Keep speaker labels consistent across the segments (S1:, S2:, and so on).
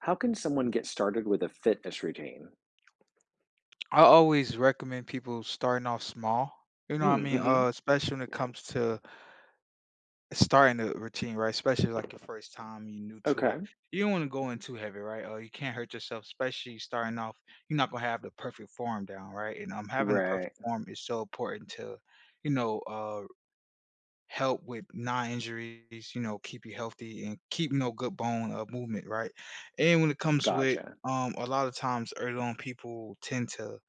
S1: How can someone get started with a fitness routine?
S2: I always recommend people starting off small, you know
S1: Mm.
S2: what I mean? Uh,
S1: Mhm.
S2: especially when it comes to starting a routine, right? Especially, like, your first time, you're new to it.
S1: Okay.
S2: You don't wanna go in too heavy, right, or you can hurt yourself, especially starting off. You're not gonna have the perfect form down, right? And, um, having a perfect
S1: Right.
S2: form is so important to, you know, uh, help with knee injuries, you know, keep you healthy and keeping up good bone, uh, movement, right? And when it comes with
S1: Gotcha.
S2: um, a lotta times, early on, people tend to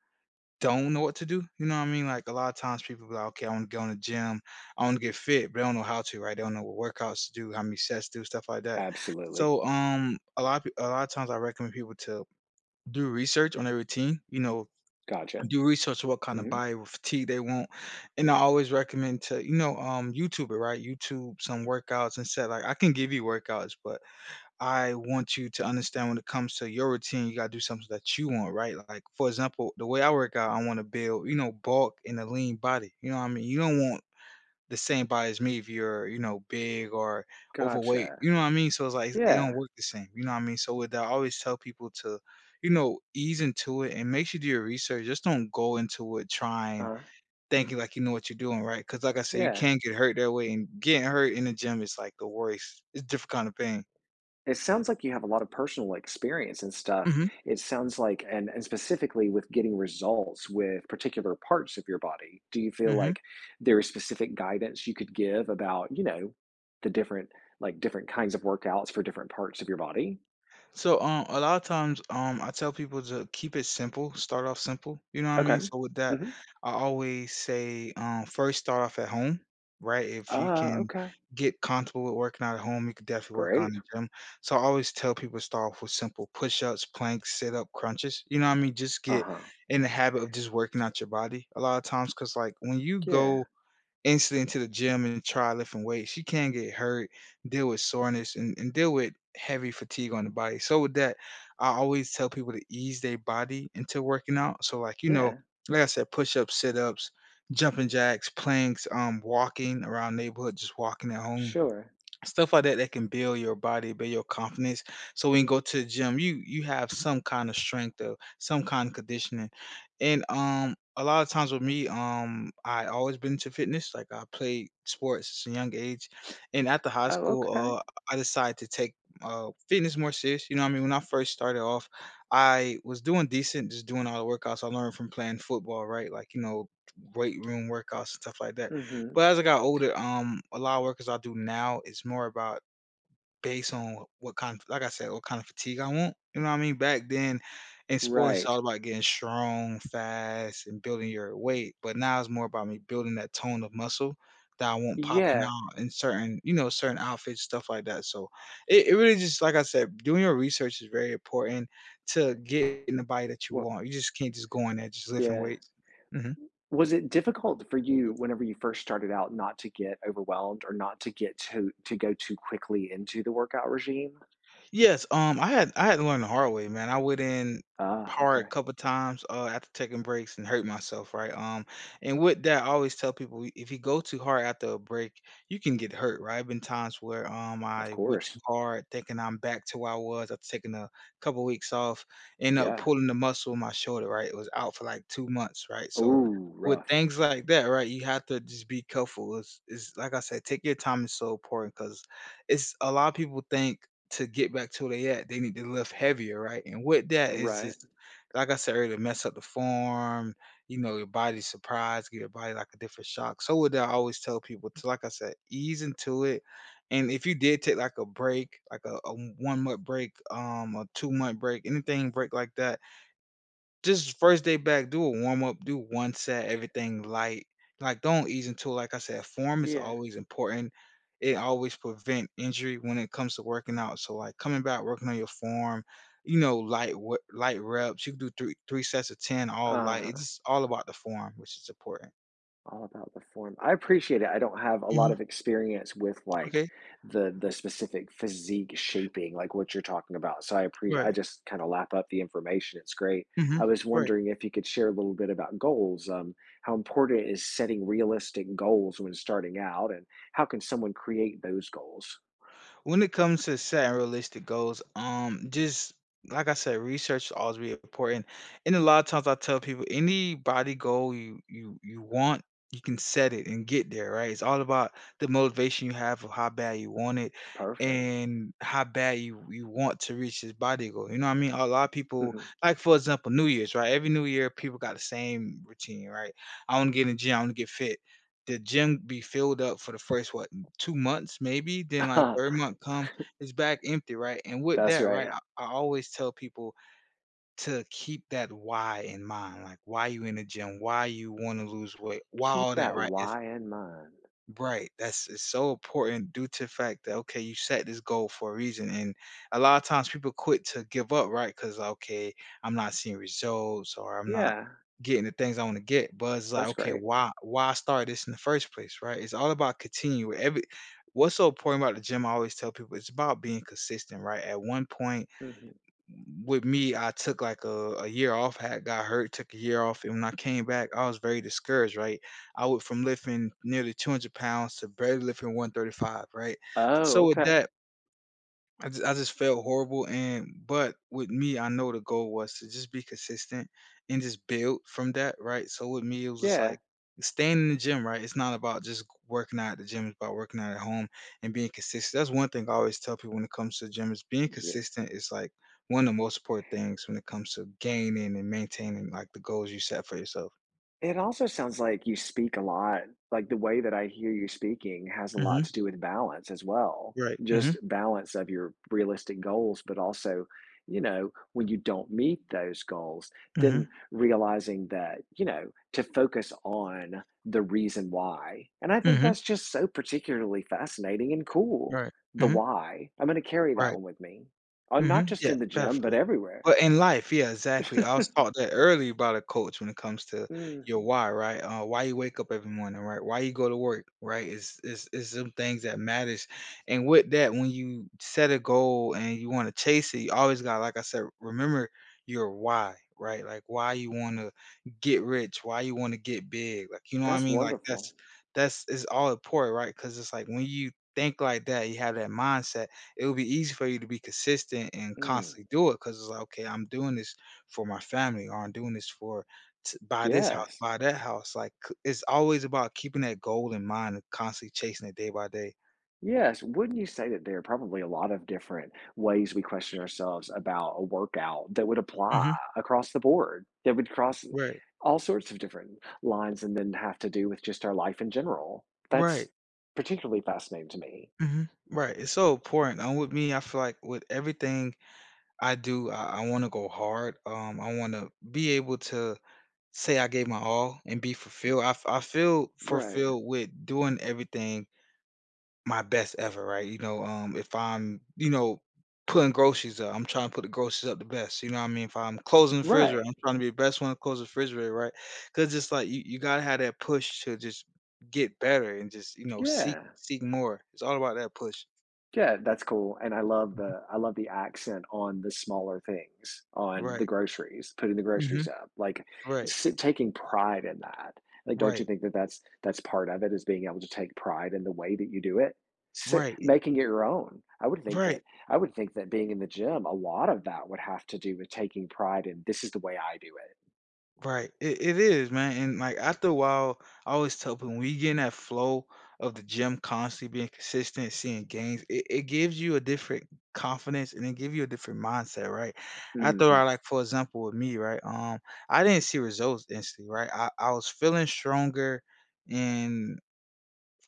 S2: don't know what to do, you know what I mean? Like, a lotta times, people be like, "Okay, I wanna go in the gym. I wanna get fit," but they don't know how to, right? They don't know what workouts to do, how many sets do, stuff like that.
S1: Absolutely.
S2: So, um, a lotta p a lotta times, I recommend people to do research on their routine, you know,
S1: Gotcha.
S2: do research on what kinda
S1: Mhm.
S2: body or physique they want, and I always recommend to you know, um, YouTuber, right? YouTube some workouts and say, like, "I can give you workouts, but I want you to understand when it comes to your routine, you gotta do something that you want." Right? Like, for example, the way I work out, I wanna build you know, bulk and a lean body, you know what mean? You don't want the same body as me if you're, you know, big or overweight,
S1: Gotcha.
S2: you know what I mean? So it's like, it don't
S1: Yeah.
S2: work the same, you know what I mean? So with that, I always tell people to, you know, ease into it and make sure you do your research. Just don't go into it trying,
S1: Uh-huh.
S2: thinking like you know what you're doing, right? 'Cause like I say, you
S1: Yeah.
S2: can get hurt that way, and getting hurt in the gym is, like, the worst. It's a different kind of pain.
S1: It sounds like you have a lot of personal experience and stuff.
S2: Mhm.
S1: It sounds like and and specifically with getting results with particular parts of your body. Do you feel
S2: Mhm.
S1: like there is specific guidance you could give about, you know, the different like, different kinds of workouts for different parts of your body?
S2: So, um, a lotta times, um, I tell people ju "Keep it simple. Start off simple." You know what I
S1: Okay.
S2: mean? So with that,
S1: Mhm.
S2: I always say, um, first, start off at home, right, if you
S1: Ah,
S2: can
S1: okay.
S2: get comfortable with working out at home, you could definitely work on
S1: Great.
S2: the gym. So, I always tell people to start off with simple push-ups, planks, sit-up, crunches, you know what I mean? Just get
S1: Uh-huh.
S2: in the habit of just working out your body, a lotta times 'cause, like, when you
S1: K
S2: go
S1: yeah.
S2: instantly into the gym and try lifting weights, you can get hurt, deal with soreness, and and deal with heavy fatigue on the body. So with that, I always tell people to ease their body into working out. So, like, you know,
S1: Yeah.
S2: like I said, push-ups, sit-ups, jumping jacks, planks, um, walking around neighborhood, just walking at home,
S1: Sure.
S2: stuff like that that can build your body, build your confidence. So when you go to the gym, you you have some kinda strength or some kinda conditioning. And, um, a lot of times with me, um, I always been into fitness. Like, I played sports since a young age, and after high
S1: Oh,
S2: school,
S1: okay.
S2: uh, I decided to take, uh, fitness more serious, you know what I mean? When I first started off, I was doing decent, just doing all the workouts I learned from playing football, right? Like, you know, weight room workouts and stuff like that.
S1: Mhm.
S2: But as I got older, um, a lot of workouts I do now, it's more about based on what what kind of like I said, what kind of physique I want, you know what mean? Back then in sports, it's
S1: Right.
S2: all about getting strong, fast, and building your weight, but now it's more about me building that tone of muscle that I want popping
S1: Yeah.
S2: out in certain you know, certain outfits, stuff like that. So, it it really just like I said, doing your research is very important to get in the body that you
S1: Wa
S2: want. You just can't just go in there, just lifting
S1: Yeah.
S2: weights. Mhm.
S1: Was it difficult for you whenever- you first started out- not to get overwhelmed or not to get too to go too quickly into the workout regime?
S2: Yes, um, I had I had to learn the hard way, man. I went in
S1: Ah,
S2: hard a
S1: okay.
S2: couple times, uh, after taking breaks and hurt myself, right, um, and with that, I always tell people, we if you go too hard after a break, you can get hurt, right. There have been times where, um,
S1: Of
S2: I went too
S1: course.
S2: hard, thinking I'm back to where I was after taking a couple weeks off, end up
S1: Yeah.
S2: pulling a muscle in my shoulder, right. It was out for, like, 2 months, right. So,
S1: Ooh,
S2: with
S1: rough.
S2: things like that, right, you have to just be careful. It's it's like I said, taking your time is so important 'cause it's a lot of people think to get back to where they at, they need to lift heavier, right. And with that is
S1: Right.
S2: just like I said, earlier, mess up the form, you know, your body's surprised, give your body, like, a different shock. So with that, I always tell people to like I said, "Ease into it. And if you did take, like, a break, like, a a one-month break, um, a two-month break, anything with a break like that" "just the first day back, do a warm up. Do 1 set, everything light. Like, don't ease into it." Like I said, form is
S1: Yeah.
S2: always important. It always prevent injury when it comes to working out. So, like, coming back, working on your form, you know, light we light reps. You can do three three sets of 10 all light. It's
S1: Uh-huh.
S2: just all about the form, which is important.
S1: All about the form. I appreciate it, I don't have a lot
S2: Mhm.
S1: of experience with, like,
S2: Okay.
S1: the the specific physique-shaping, like what you're talking about, so I appre I
S2: Right.
S1: just kinda lap up the information, it's great.
S2: Mhm.
S1: I was
S2: Right.
S1: wondering if you could share a little bit about goals, um, how important is setting realistic goals when starting out and how can someone create those goals.
S2: When it comes to setting realistic goals, um, just like I said, research always be really important, and a lotta times, I tell people, any body goal you you you want, you can set it and get there, right? It's all about the motivation you have of how bad you want it
S1: Perfect.
S2: and how bad you you want to reach this body goal, you know what I mean? A lotta people,
S1: Mhm.
S2: like, for example, New Year's, right? Every New Year, people got the same routine, right? "I wanna get in the gym, I wanna get fit." The gym be filled up for the first, what, 2 months maybe? Then, like, 3rd month come, it's back empty, right, and with
S1: That's
S2: that, right,
S1: right.
S2: I I always tell people to keep that why in mind, like, why you in the gym? Why you wanna lose weight? Why
S1: Keep
S2: all that,
S1: that
S2: right, if
S1: why in mind.
S2: Right, that's it's so important due to fact that, okay, you set this goal for a reason, and a lotta times people quit to give up, right? 'Cause, "Okay, I'm not seeing results or I'm not
S1: Yeah.
S2: getting the things I wanna get." But it's like,
S1: That's
S2: okay,
S1: great.
S2: why why start this in the first place, right? It's all about continue every what's so important about the gym, I always tell people, it's about being consistent, right? At one point,
S1: Mhm.
S2: with me, I took, like, a a year off, I had got hurt, took a year off, and when I came back, I was very discouraged, right? I went from lifting nearly 200 pounds to barely lifting 135, right?
S1: Oh,
S2: So, with
S1: okay.
S2: that I j I just felt horrible and but with me, I know the goal was to just be consistent and just build from that, right? So, with me, it was just
S1: Yeah.
S2: like staying in the gym, right? It's not about just g working out at the gym, it's about working out at home and being consistent, that's one thing I always tell people when it comes to gym is being
S1: Yeah.
S2: consistent is, like, one of the most important things when it comes to gaining and maintaining, like, the goals you set for yourself.
S1: It also sounds like you speak a lot. Like, the way that I hear you speaking has a lot
S2: Mhm.
S1: to do with balance as well.
S2: Right, mhm.
S1: Just balance of your realistic goals, but also, you know, when you don't meet those goals, then
S2: Mhm.
S1: realizing that, you know, to focus on the reason why. And I think
S2: Mhm.
S1: that's just so particularly fascinating and cool.
S2: Right,
S1: The
S2: mhm.
S1: why. I'm going to carry that
S2: Right.
S1: one with me. Oh, not
S2: Mhm,
S1: just
S2: yeah,
S1: in the gym, but
S2: definitely.
S1: everywhere.
S2: But in life, yeah. Exactly. I was taught that early about a coach when it comes to your
S1: Mhm.
S2: why, right? Uh, why you wake up every morning, right? Why you go to work, right? It's it's it's some things that matters. And with that, when you set a goal and you wanna chase it, you always gotta like I said, remember your "Why," right? Like, why you wanna get rich, why you wanna get big. Like, you know what I
S1: That's
S2: mean? Like,
S1: wonderful.
S2: that's that's it's all important, right? 'Cause it's like, when you think like that, you have that mindset, it'll be easy for you to be consistent and
S1: Mm.
S2: constantly do it because it's like, "Okay, I'm doing this for my family," or "I'm doing this for to buy this,
S1: Yes.
S2: buy that house," like, c it's always about keeping that goal in mind and constantly chasing it day by day.
S1: Yes. Wouldn't you say that there are probably a lot of different ways we question ourselves about a workout that would apply
S2: Mhm.
S1: across the board, that would cross
S2: Right.
S1: all sorts of different lines, and then have to do with just our life in general?
S2: Right.
S1: That's particularly fascinating to me.
S2: Mhm. Right, it's so important, and with me, I feel like with everything I do, I I wanna go hard, um, I wanna be able to say I gave my all, and be fulfilled I f I feel
S1: Right.
S2: fulfilled with doing everything my best ever, right? You know? Um, if I'm, you know, putting groceries up I'm trying to put the groceries up the best, you know what I mean? If I'm closing the refrigerator,
S1: Right.
S2: I'm trying to be the best one to close the refrigerator, right? 'Cause it's, like, you you gotta have that push to just get better, and just, you know, seek
S1: Yeah.
S2: seek more. It's all about that push.
S1: Yeah, that's cool, and I love
S2: Mhm.
S1: the I love the accent on the smaller things, on the
S2: Right.
S1: groceries, putting the
S2: Mhm.
S1: groceries up, like,
S2: Right.
S1: s taking pride in that. Like, don't you
S2: Right.
S1: think that that's that's part of it, is being able to take pride in the way that you do it? S
S2: Right, y
S1: Making it your own. I would think
S2: Right.
S1: that I would think that being in the gym, a lot of that would have to do with taking pride in, "This is the way I do it."
S2: Right. It it is, man. And, like, after a while, I always tell people, when we get in that flow of the gym constantly being consistent, seeing gains, it it gives you a different confidence, and it give you a different mindset, right? After I,
S1: Mhm.
S2: like, for example, with me, right, um, I didn't see results instantly, right? I I was feeling stronger, and,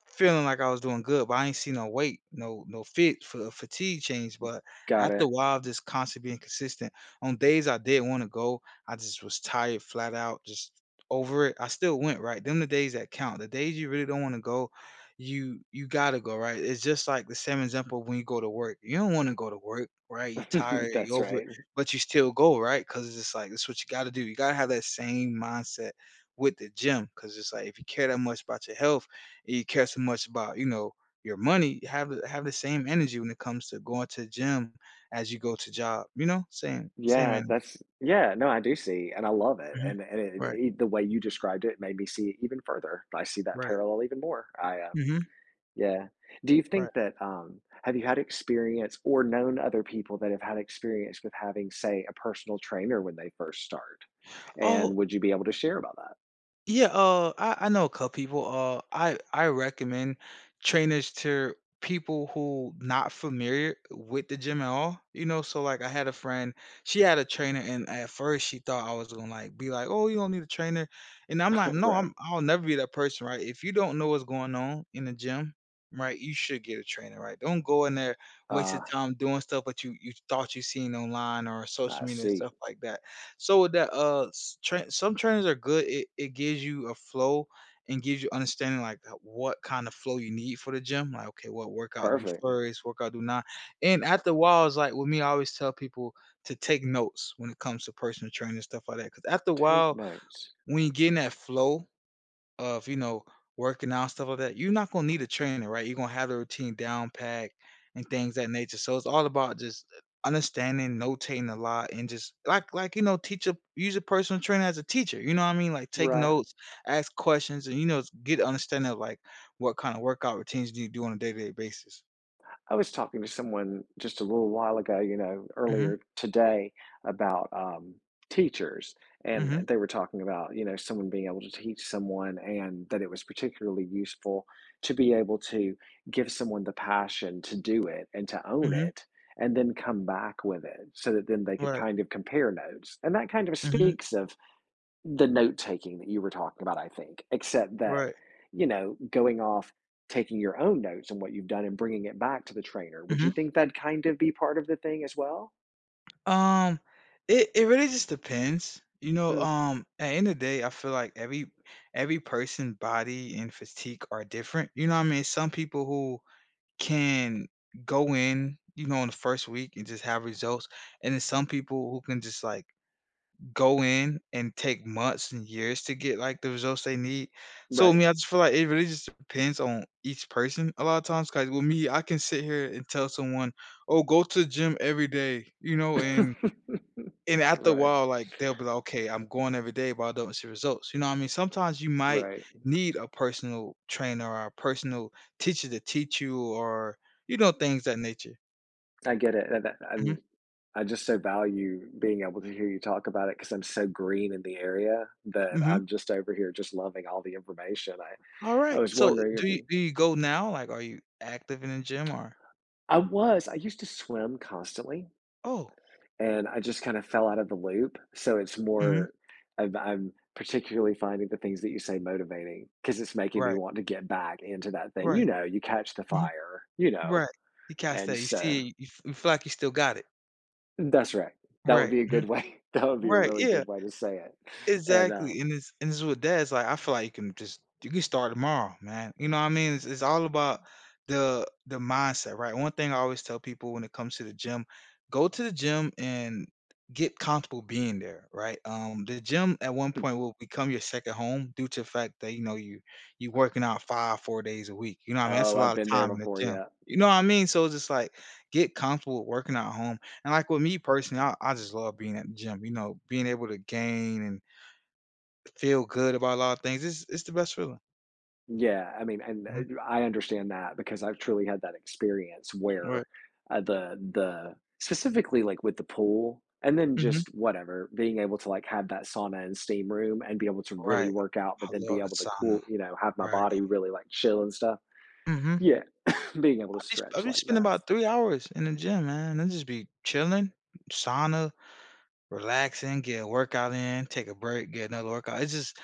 S2: feeling like I was doing good, but I ain't seen no weight, no no fit for the fatigue change.
S1: G
S2: But,
S1: got
S2: after a
S1: it.
S2: while, just constantly being consistent. On days I didn't wanna go, I just was tired, flat out, just over it. I still went, right? Them the days that count. The days you really don't wanna go, you you gotta go, right? It's just, like, the same example when you go to work. You don't wanna go to work, right? You're tired. You're
S1: That's
S2: over it,
S1: right, mhm.
S2: but you still go, right? ‘Cause it's just like that's what you gotta do. You gotta have that same mindset with the gym. 'Cause it's, like, if you care that much about your health, and you care so much about, you know, your money, have the have the same energy when it comes to going to the gym, as you go to job. You know? Same same
S1: Yeah.
S2: energy.
S1: That's yeah! No, I do see, and I love it.
S2: Mhm,
S1: And the and eh and,
S2: right.
S1: eh, the way you described it made me see it even further. I see that
S2: Right.
S1: parallel even more. I uh,
S2: Mhm.
S1: yeah. Do you
S2: Right.
S1: think that, um, have you had experience or known other people that have had experience with having, say, a personal trainer when they first start?
S2: Oh
S1: And would you be able to share about that?
S2: Yeah, uh, I I know a couple people. Uh, I I recommend trainers to people who not familiar with the gym at all, you know? So, like, I had a friend. She had a trainer, and at first, she thought I was gonna, like, be, like, “Oh, you don't need a trainer.” And I'm, like, "No,"
S1: Right.
S2: I'm, I'll never be that person, right? If you don't know what's going on in the gym, right, you should get a trainer, right? Don't go in there, waste your
S1: Ah.
S2: time doing stuff that you you thought you seen online or social
S1: I
S2: media, and
S1: see.
S2: stuff like that. So, with that, uh, s tra some trainers are good. It it gives you a flow, and gives you understanding, like, that what kind of flow you need for the gym. Like, okay, "What workout do
S1: Perfect.
S2: first, workout do now." And after a while, it's, like, with me, I always tell people to take notes when it comes to personal training, and stuff like that. 'Cause after a
S1: Take
S2: while,
S1: notes.
S2: when you're getting that flow of, you know, working out stuff like that, you're not gonna need a trainer, right? You're gonna have a routine down pat, and things that nature. So, it's all about just u understanding, notating a lot, and just, like like, you know, teach a use a personal trainer as a teacher. You know what I mean? Like, take
S1: Right.
S2: notes, ask questions, and, you know, get an understanding of, like, what kind of workout routines do you do on a day-to-day basis.
S1: I was talking to someone just a little while ago, you know,
S2: Mhm.
S1: earlier today about, um, teachers, and
S2: Mhm.
S1: they were talking about, you know, someone being able to teach someone and that it was particularly useful to be able to give someone the passion to do it and to own
S2: Mhm.
S1: it, and then come back with it so that then they could
S2: Right.
S1: kind of compare notes- and that kind of
S2: Mhm.
S1: speaks of the note-taking that you were talking about, I think, except that,
S2: Right.
S1: you know, going off, taking your own notes on what you've done and bringing it back to the trainer. Would you
S2: Mhm.
S1: think that'd kind of be part of the thing, as well?
S2: Um, it it really just depends. You know?
S1: Hmm.
S2: Um, at end of day, I feel like every every person body and physique are different. You know what I mean? Some people who can go in, you know, in the 1st week and just have results, and then some people who can just, like, go in and take months and years to get, like, the results they need. So, I
S1: Right.
S2: mean, I just feel like it really just depends on each person a lotta times 'cause with me, I can sit here and tell someone, "Oh, go to the gym every day" you know, and and after a
S1: Right.
S2: while, like, they'll be like, "Okay, I'm going every day, but I don't see results." You know what I mean? Sometimes you might
S1: Right.
S2: need a personal trainer or a personal teacher to teach you or, you know, things that nature.
S1: I get it, the that,
S2: Mhm.
S1: un I just so value being able to hear you talk about it 'cause I'm so green in the area that
S2: Mhm.
S1: I'm just over here just loving all the information, I I
S2: Alright,
S1: was
S2: so i
S1: wondering
S2: do
S1: if
S2: you
S1: you
S2: do you go now? Like, are you active in a gym? Or
S1: I was, I used to swim constantly
S2: Oh.
S1: and I just kinda fell out of the loop. So it's
S2: Mhm.
S1: more of I'm particularly finding the things that you say motivating, 'cause it's making me
S2: Right.
S1: want to get back into that thing, you
S2: Right.
S1: know, you catch the
S2: Mhm.
S1: fire, you know?
S2: Right. You cast
S1: And
S2: that, you
S1: so
S2: see you f You feel like you still got it.
S1: That's right. That would
S2: Right,
S1: be a
S2: mhm.
S1: good way. That would be a
S2: Right,
S1: really
S2: yeah.
S1: good way to say it, and,
S2: Exactly,
S1: um
S2: and this and this is what dad's like, I feel like you can just you can start tomorrow, man, you know what I mean? It's it's all about the the mindset. Right? One thing I always tell people when it comes to the gym, "Go to the gym and get comfortable being there." Right? Um, the gym at one
S1: Hmm.
S2: point will become your 2nd home due to the fact that, you know, you you working out 5, 4 days a week. You know I mean? That's
S1: Oh,
S2: a
S1: I've
S2: lotta
S1: been there
S2: time in the
S1: before,
S2: gym.
S1: yeah.
S2: You know what I mean? So it's just like, get comfortable working at home, and, like, with me, personally, I I just love being at the gym, you know, being able to gain and feel good about a lotta things. It's it's the best feeling.
S1: Yeah, I mean, and, uh,
S2: Mhm.
S1: you I understand that because I've truly had that experience where,
S2: Right.
S1: uh, the the Specifically, like, with the pool and then
S2: Mhm.
S1: just whatever, being able to, like, have that sauna and steam room, and be able to really
S2: Right.
S1: work out but
S2: I
S1: then be
S2: love the
S1: able to
S2: sauna.
S1: cool you know, have my body
S2: Right.
S1: really, like, chill and stuff.
S2: Mhm.
S1: Yeah. Being able
S2: I
S1: to
S2: bee I
S1: stretch
S2: been
S1: like that
S2: spending
S1: is
S2: about 3 hours in the gym, man, I'll just be chilling, sauna, relaxing, get a workout in, take a break, get another workout, it's just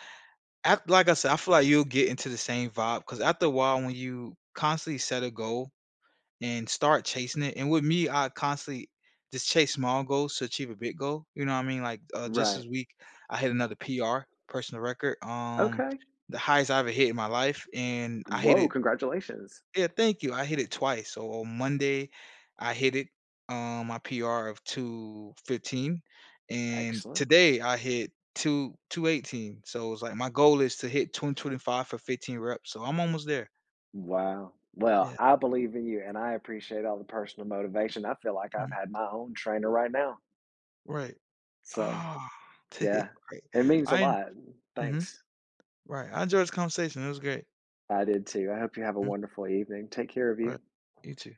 S2: ac Like I said, I feel like you'll get into the same vibe, ‘cause after a while, when you constantly set a goal and start chasing it and with me, I constantly just chase small goals to achieve a big goal. You know what I mean? Like, uh, just
S1: Right.
S2: this week, I hit another PR- personal record, um
S1: Okay.
S2: the highest I ever hit in my life, and I hit
S1: Woah!
S2: it
S1: Congratulations.
S2: Yeah. Thank you. I hit it twice. So on Monday, I hit it, um, my PR of 215, and
S1: Excellent.
S2: today, I hit two 218. So it was, like, my goal is to hit 225 for 15 reps. So I'm almost there.
S1: Wow. Well,
S2: Yeah.
S1: I believe in you, and I appreciate all the personal motivation. I feel like I
S2: Mhm.
S1: had my own trainer right now.
S2: Right.
S1: So,
S2: Aw.
S1: yeah.
S2: Right.
S1: It means a
S2: I en
S1: lot.
S2: Mhm.
S1: Thanks.
S2: Right. I enjoyed this conversation, it was great.
S1: I did too. I hope you have a
S2: Mm.
S1: wonderful evening, take care of you.
S2: Alright. You too.